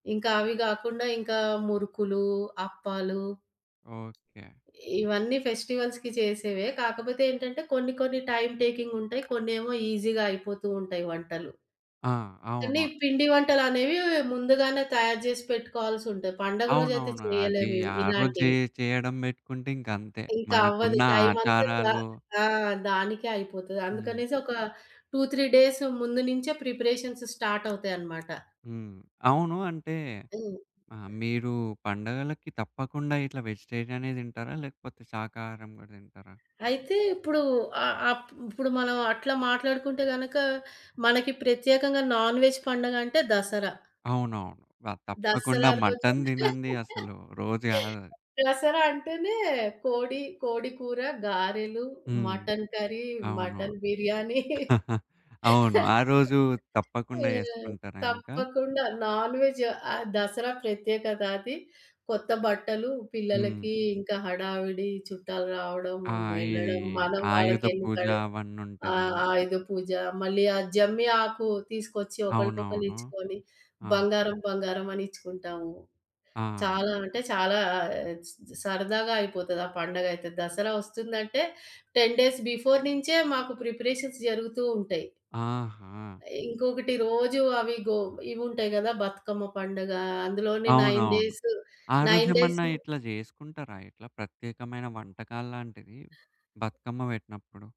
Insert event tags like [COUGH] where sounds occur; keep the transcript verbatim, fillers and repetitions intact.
ఇంకా అవి గాకుండా ఇంకా మురుకులు అప్పాలు ఓకే. ఇవన్నీ ఫెస్టివల్స్‌కి చేసేవే కాకపోతే ఏంటంటే కొన్ని కొన్ని టైమ్ టేకింగ్ ఉంటాయి కొన్నేమో ఈజీగా అయిపోతూ ఉంటాయి వంటలు. ఆ! కని అవును. పిండి వంటలనేవి ముందుగానే తయారు జేసి పెట్టుకోవాల్సుంటయి. పండగ రోజైతే అవునవును. అది చేయలేము ఇవి, ఆ రో‌జె ఇలాంటివి. చేయడం బెట్టుకుంటే ఇంక అంతే. ఇంకా అవ్వదు. మనకున్న టైమ్ అంతా ద ఆచారాలు ఆ! దానికే అయిపోతది. హ్మ్. అందుకనేసి ఒక టు త్రీ డేస్ ముందు నుంచే ప్రిపరేషన్స్ స్టార్ట్ అవుతాయన్నమాట. హ్మ్. అవును. అంటే హ్మ్. ఆ మీరు పండగలకి తప్పకుండా ఇట్లా వెజిటేరియనే దింటారా? లేకపోతే శాకాహారం గూడా దింటారా? అయితే ఇప్పుడు ఆ అప్ ఇప్పుడు మనం అట్లా మాట్లాడుకుంటే గనక మనకి ప్రత్యేకంగా నాన్ వేజ్ పండగంటే దసరా. అవునవును. వ తప్పకుండా దసరా రోజు మటన్ దినంది [LAUGHS] అసలు రోజు గాదు అది. దసరా అంటేనే కోడి, కోడికూర, గారెలు, హ్మ్. మటన్ కర్రీ, అవును. మటన్ బిర్యానీ. [CHUCKLES] అవును. ఆ [LAUGHS] రోజు ఆ! తప్పకుండా జేసుకుంటారా ఇంకా? తప్పకుండా నాన్ వెజ్ ఆహ్, దసరా ప్రత్యేకతది. కొత్త బట్టలు, హ్మ్. పిల్లలకి ఇంకా హడావిడి చుట్టాలు రావడం ఆ! ఇది ఎళ్ళడం మనం ఆయుధ పూజ వాళ్ళకింక‌డ్ ఆ! అవన్నుంటది. ఆయుద పూజ మళ్ళీ ఆ జమ్మి ఆకు తీసుకొచ్చి ఒకళ్ళకొకళ్ళు అవునవును. ఇచ్చుకొని ఆ! బంగారం, బంగారం అని ఇచ్చుకుంటాము. ఆ! చాలా అంటే చాలా ఆహ్, సరదాగా అయిపోతది ఆ పండగ అయితే దసరా ఒస్తుందంటే టెన్ డేస్ బిఫోర్ నుంచే మాకు ప్రిపరేషన్స్ జరుగుతూ ఉంటయి. ఆహా! ఇంకొకటి రోజు అవి గో ఇవి ఉంటాయి గదా! బతుకమ్మ పండగ అందులోని నైన్ అవునవును. డేస్ ఆరోజు నైన్ డేస్ ఏమన్నా ఇట్లా జేసుకుంటారా? ఇట్లా ప్రత్యేకమైన వంటకాలాంటివి బతుకమ్మ బెట్టినప్పుడు.